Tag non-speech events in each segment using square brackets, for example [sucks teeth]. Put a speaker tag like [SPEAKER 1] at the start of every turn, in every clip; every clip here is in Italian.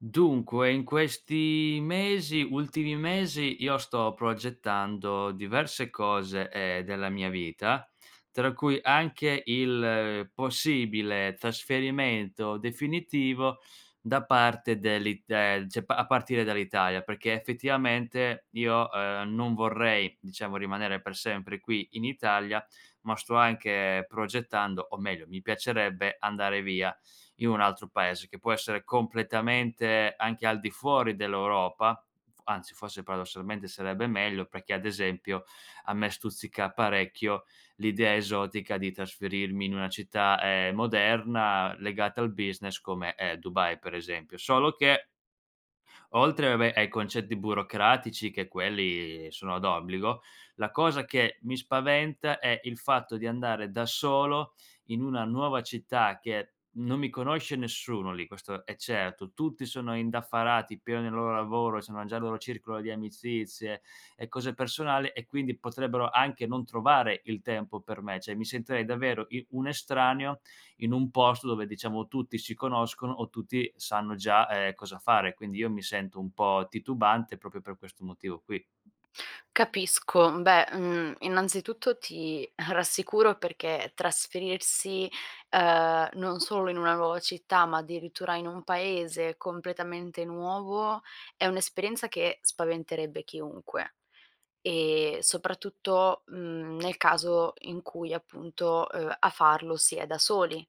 [SPEAKER 1] Dunque in questi mesi ultimi mesi io sto progettando diverse cose, ehm, della mia vita, tra cui anche il possibile trasferimento definitivo da parte dell'It ehm, cioè pa a partire dall'Italia. Perché effettivamente io, ehm, non vorrei diciamo rimanere per sempre qui in Italia, ma sto anche progettando o meglio, mi piacerebbe andare via in un altro paese, che può essere completamente anche al di fuori dell'Europa, f anzi, forse, paradossalmente sarebbe meglio, perché ad esempio a me stuzzica parecchio l'idea esotica di trasferirmi in una città, ehm, moderna legata al business, come è Dubai per esempio. Solo che oltre, vabbè, ai concetti burocratici che quelli sono d'obbligo, la cosa che mi spaventa è il fatto di andare da solo in una nuova città, che non mi conosce nessuno lì, questo è certo, tutti sono indaffarati, pieni nel loro lavoro, sono nel loro circolo di amicizie e cose personali e quindi potrebbero anche non trovare il tempo per me; cioè mi sentirei davvero i un estraneo in un posto dove, diciamo, tutti si conoscono o tutti sanno già, ehm, cosa fare. Quindi io mi sento un po' titubante, proprio per questo motivo qui.
[SPEAKER 2] Capisco. Beh, mhmm, innanzitutto ti rassicuro perché trasferirsi, ehm, non solo in una nuova città, ma addirittura in un paese completamente nuovo, è un'esperienza che spaventerebbe chiunque, ehm, soprattutto, mhmm, nel caso in cui, appunto, ehm, a farlo si è da soli.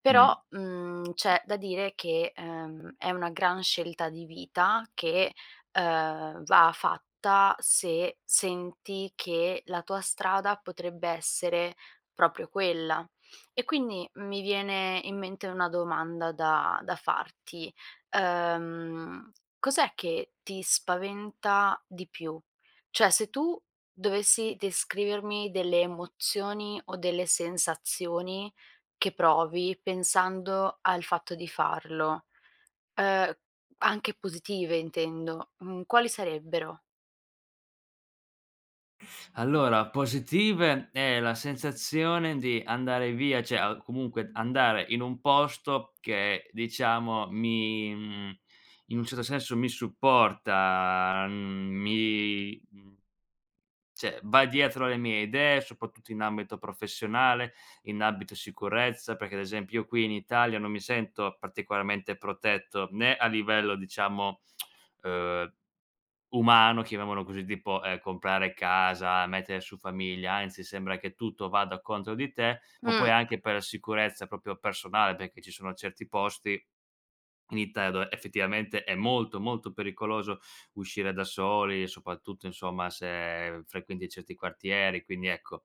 [SPEAKER 2] Però,
[SPEAKER 1] Mh.
[SPEAKER 2] mhmm, c'è da dire che, ehm, è una gran scelta di vita che, ehm, va fatta se senti che la tua strada potrebbe essere proprio quella. E quindi mi viene in mente una domanda da da farti: ehm, cos'è che ti spaventa di più? Cioè se tu dovessi descrivermi delle emozioni o delle sensazioni che provi pensando al fatto di farlo, ehm, anche positive intendo, mhmm, quali sarebbero?
[SPEAKER 1] Allora, positive è la sensazione di andare via cioè a comunque andare in un posto che, diciamo, mi mhmm, in un certo senso mi supporta, mhmm, mi mhmm, cioè va dietro alle mie idee, soprattutto in ambito professionale, in ambito sicurezza, perché, ad esempio, io qui in Italia non mi sento particolarmente protetto, né a livello diciamo, [tsk] uhm, umano chiamiamolo così, tipo, ehm, comprare casa, mettere su famiglia, anzi sembra che tutto vada contro di te, ma
[SPEAKER 2] Mh.
[SPEAKER 1] poi anche per la sicurezza proprio personale perché ci sono certi posti in Italia dove effettivamente è molto, molto pericoloso uscire da soli, soprattutto, insomma, se frequenti certi quartieri, quindi ecco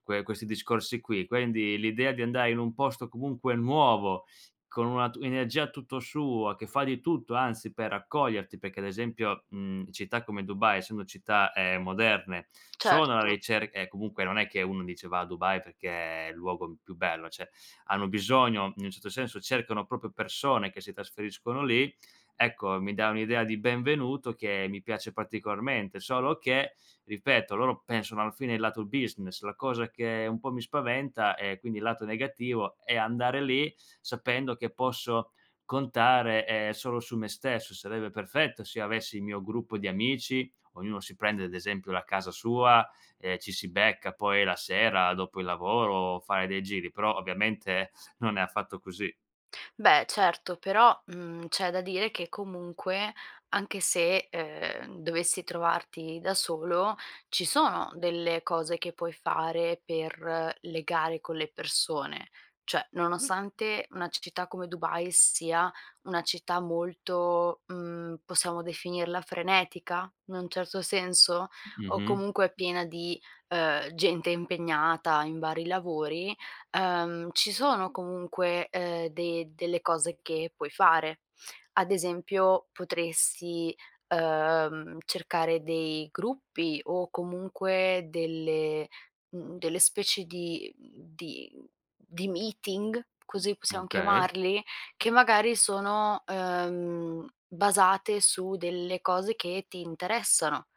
[SPEAKER 1] que questi discorsi qui. Quindi l'idea di andare in un posto comunque nuovo con una tu energia tutto sua, che fa di tutto, anzi, per accoglierti, perché, ad esempio, mhmm, città come Dubai, essendo città, ehm, moderne, sono alla
[SPEAKER 2] Certo.
[SPEAKER 1] ricerca e comunque non è che uno dice va a Dubai perché è il luogo m più bello, cioè hanno bisogno in un certo senso cercano proprio persone che si trasferiscono lì. Ecco, mi dà un'idea di benvenuto che mi piace particolarmente, solo che, ripeto, loro pensano alla fine il lato business, la cosa che un po' mi spaventa è quindi il lato negativo è andare lì sapendo che posso contare, ehm, solo su me stesso, sarebbe perfetto se io avessi il mio gruppo di amici, ognuno si prende ad esempio la casa sua, ehm, ci si becca poi la sera dopo il lavoro, fare dei giri però ovviamente non è affatto così.
[SPEAKER 2] Beh, certo, però, mhmm, c'è da dire che comunque anche se, ehm, dovessi trovarti da solo ci sono delle cose che puoi fare per legare con le persone, cioè nonostante una c città come Dubai sia una città molto, mhmm, possiamo definirla frenetica? In un certo senso, o
[SPEAKER 1] Mh-mh.
[SPEAKER 2] comunque piena di, uhm, gente impegnata in vari lavori, uhm, ci sono comunque, uhm, de delle cose che puoi fare. Ad esempio potresti, uhm, cercare dei gruppi o comunque delle mhmm, delle specie di, mhmm di mhmm di meeting, così possiamo
[SPEAKER 1] Okay.
[SPEAKER 2] chiamarli? Che magari sono, uhm, basate su delle cose che ti interessano,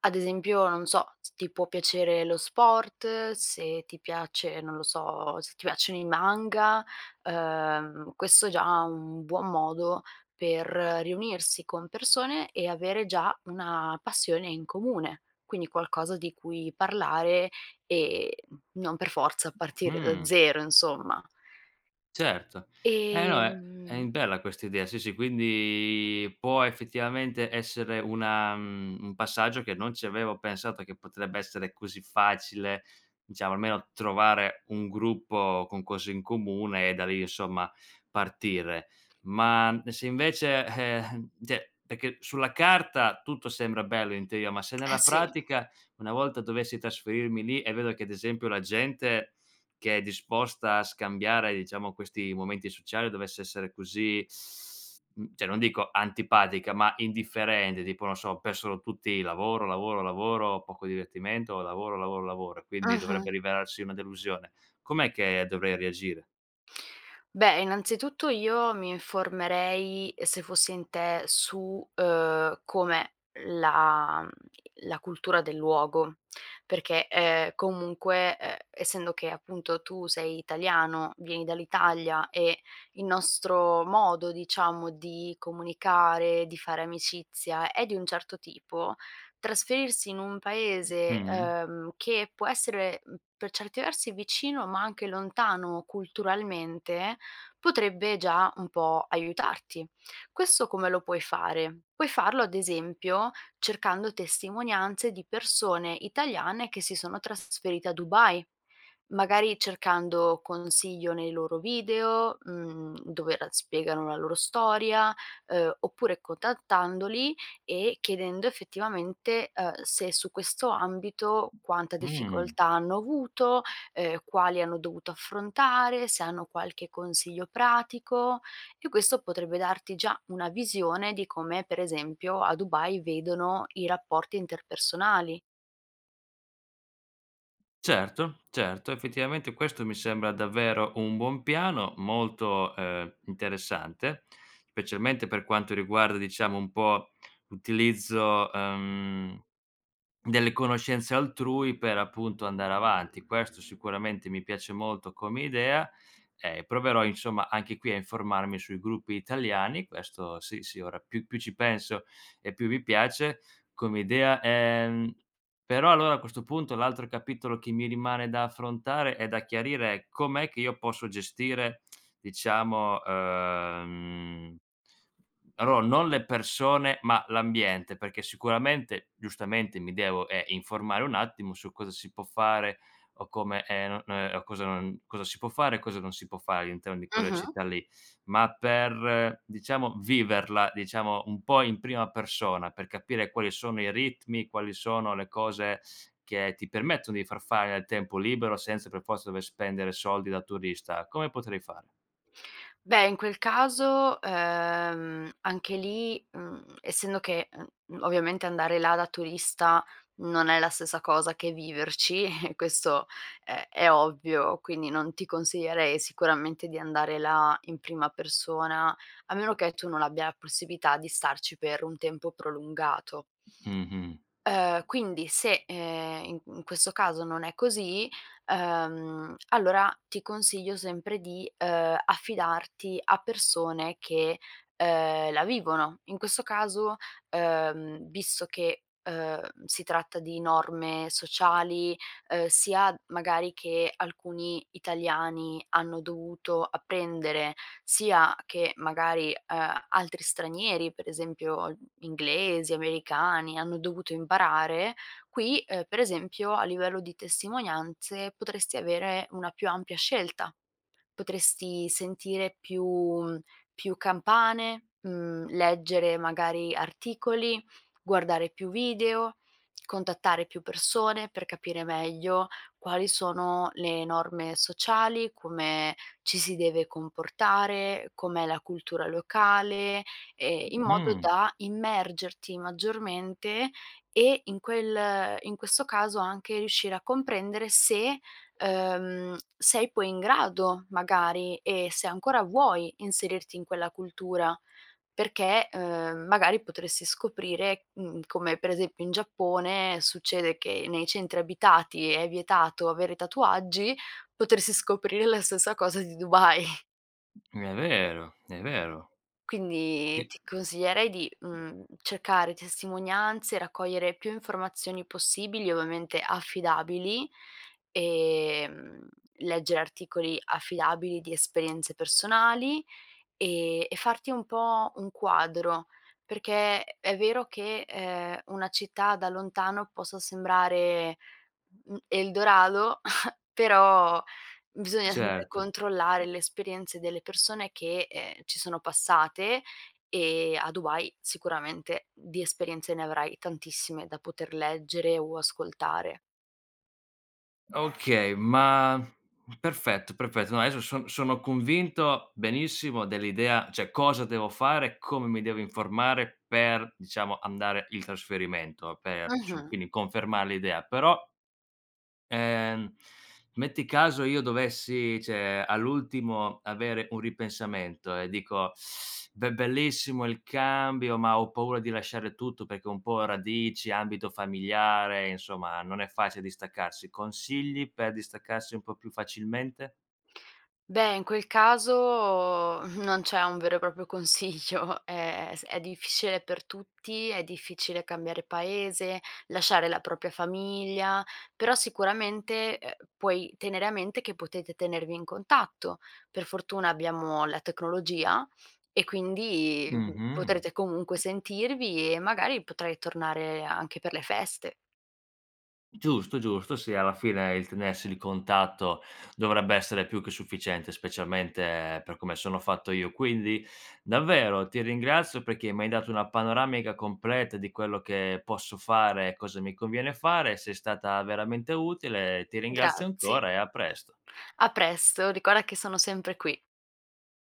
[SPEAKER 2] ad esempio, non so, se ti può piacere lo sport, se ti piace non lo so, se ti piacciono i manga, uhm, questo è già un buon modo per riunirsi con persone e avere già una passione in comune, quindi qualcosa di cui parlare e n non per forza partire da
[SPEAKER 1] Mh.
[SPEAKER 2] zero insomma.
[SPEAKER 1] Certo. Eh, no, è è
[SPEAKER 2] Ehm
[SPEAKER 1] in bella questa idea. Sì, sì, quindi può effettivamente essere una mhmm, un passaggio che non ci avevo pensato che potrebbe essere così facile, diciamo almeno trovare un gruppo con cose in comune e da lì, insomma, partire. Ma e se invece, eh, eh cioè perché sulla carta tutto sembra bello in teoria, ma se
[SPEAKER 2] Eh,
[SPEAKER 1] nella
[SPEAKER 2] sì.
[SPEAKER 1] pratica, una volta dovessi trasferirmi lì e vedo che, ad esempio, la gente che è disposta a scambiare diciamo questi momenti sociali dovesse essere così mhmm, cioè non dico antipatica, ma indifferente tipo non so, per sono tutti lavoro, lavoro, lavoro, poco divertimento, lavoro, lavoro, lavoro, e quindi dovrebbe
[SPEAKER 2] Mh-mh.
[SPEAKER 1] rivelarsi una delusione, com'è che dovrei reagire?
[SPEAKER 2] Beh, innanzitutto io mi informerei, se fossi in te su, uhm, com'è la mhmm, la cultura del luogo, perché, ehm, comunque, uhm, essendo che appunto tu sei italiano, vieni dall'Italia e il nostro modo diciamo di comunicare, di fare amicizia è di un certo tipo, trasferirsi in un paese,
[SPEAKER 1] Mh-mh.
[SPEAKER 2] uhm, che può essere per certi versi vicino, ma anche lontano culturalmente, potrebbe già un po' aiutarti. Questo come lo puoi fare? Puoi farlo, ad esempio, cercando testimonianze di persone italiane che si sono trasferite a Dubai, magari cercando consiglio nei loro video, mhmm, dove l spiegano la loro storia, uhm, oppure contattandoli e chiedendo effettivamente, uhm, se su questo ambito quanta
[SPEAKER 1] Mh.
[SPEAKER 2] difficoltà hanno avuto, ehm, quali hanno dovuto affrontare, se hanno qualche consiglio pratico, e questo potrebbe darti già una visione di come, per esempio, a Dubai vedono i rapporti interpersonali.
[SPEAKER 1] Certo, certo. Effettivamente questo mi sembra davvero un buon piano, molto, ehm, interessante, specialmente per quanto riguarda, diciamo, un po' l'utilizzo, uhm, delle conoscenze altrui per appunto andare avanti. Questo sicuramente mi piace molto come idea, ehm, proverò, insomma, anche qui a informarmi sui gruppi italiani. Questo sì, sì, ora più più ci penso e più mi piace come idea. Ehm, però allora, a questo punto, l'altro capitolo che mi rimane da affrontare e da chiarire è com'è che io posso gestire, diciamo, uhm, mhmm, allora non le persone, ma l'ambiente, perché sicuramente, giustamente, mi devo, ehm, informare un attimo su cosa si può fare o come, ehm, no non è o cosa non cosa si può fare e cosa non si può fare all'interno di quella
[SPEAKER 2] Mh-mh.
[SPEAKER 1] città lì. Ma per, diciamo, viverla, diciamo, un po' in prima persona, per capire quali sono i ritmi e quali sono le cose che ti permettono di far fare nel tempo libero senza per forza dover spendere soldi da turista, come potrei fare?
[SPEAKER 2] Beh, in quel caso, ehm, anche lì, mhmm, essendo che, e m ovviamente andare là da turista non è la stessa cosa che viverci [chuckles] e questo è è ovvio, quindi non ti consiglierei sicuramente di andare là in prima persona, a meno che tu non abbia la possibilità di starci per un tempo prolungato
[SPEAKER 1] Mh-mh.
[SPEAKER 2] uhm, quindi se, ehm, i in questo caso non è così, uhm, allora ti consiglio sempre di, uhm, affidarti a persone che, uhm, la vivono, in questo caso, uhm, visto che, uhm, si tratta di norme sociali, uhm, sia magari che alcuni italiani hanno dovuto apprendere, sia che magari, ehm, altri stranieri per esempio gli inglesi, americani, hanno dovuto imparare, qui, ehm, per esempio a livello di testimonianze potresti avere una più ampia scelta, potresti sentire più più campane, mhmm, leggere magari articoli, guardare più video, contattare più persone per capire meglio quali sono le norme sociali, come ci si deve comportare, com'è la cultura locale, ehm, in modo
[SPEAKER 1] Mh.
[SPEAKER 2] da immergerti maggiormente, e in quel in questo caso anche riuscire a comprendere se, uhm, sei poi in grado magari e se ancora vuoi inserirti in quella cultura, perché, uhm, magari potresti scoprire mhmm, come per esempio in Giappone succede che nei centri abitati è vietato avere tatuaggi, potersi scoprire la stessa cosa di Dubai.
[SPEAKER 1] È vero, è vero.
[SPEAKER 2] Quindi
[SPEAKER 1] [unintelligible]
[SPEAKER 2] ti consiglierei di, mhmm, cercare testimonianze, raccogliere più informazioni possibili, ovviamente, affidabili, ehm, leggere articoli affidabili di esperienze personali, e e farti un po' un quadro perché, è vero che, ehm, una città da lontano possa sembrare, mhmm, Eldorado [chuckles] però, bisogna
[SPEAKER 1] Certo.
[SPEAKER 2] controllare le esperienze delle persone, che, ehm, ci sono passate e a Dubai, sicuramente, di esperienze ne avrai tantissime da poter leggere o ascoltare.
[SPEAKER 1] Okay, ma perfetto, perfetto, no adesso son sono convinto, benissimo dell'idea, cioè cosa devo fare, come mi devo informare, per diciamo, andare il trasferimento, per, insomma,
[SPEAKER 2] Mh-mh.
[SPEAKER 1] quindi confermare l'idea, però, ehm, metti caso io dovessi, cioè all'ultimo avere un ripensamento, e dico: [sucks teeth] "Be bellissimo il cambio, ma ho paura di lasciare tutto." Perché ho un po' radici, ambito familiare, insomma non è facile distaccarsi. Consigli per distaccarsi un po' più facilmente?
[SPEAKER 2] Beh, in quel caso non c'è un vero e proprio consiglio è è s difficile per tutti, è difficile cambiare paese, lasciare la propria famiglia, però sicuramente, ehm, puoi tenere a mente che potete tenervi in contatto, per fortuna abbiamo la tecnologia, e quindi
[SPEAKER 1] Mh-mh.
[SPEAKER 2] potrete comunque sentirvi, e magari potrai tornare anche per le feste.
[SPEAKER 1] Giusto, giusto, sì alla fine il tenersi il contatto, dovrebbe essere più che sufficiente, specialmente per come sono fatto io; quindi davvero ti ringrazio, perché m'hai dato una panoramica completa di quello che posso fare e cosa mi conviene fare, sei stata veramente utile, ehm, ti ringrazio
[SPEAKER 2] Grazie.
[SPEAKER 1] ancora e a presto.
[SPEAKER 2] A presto, ricorda che sono sempre qui.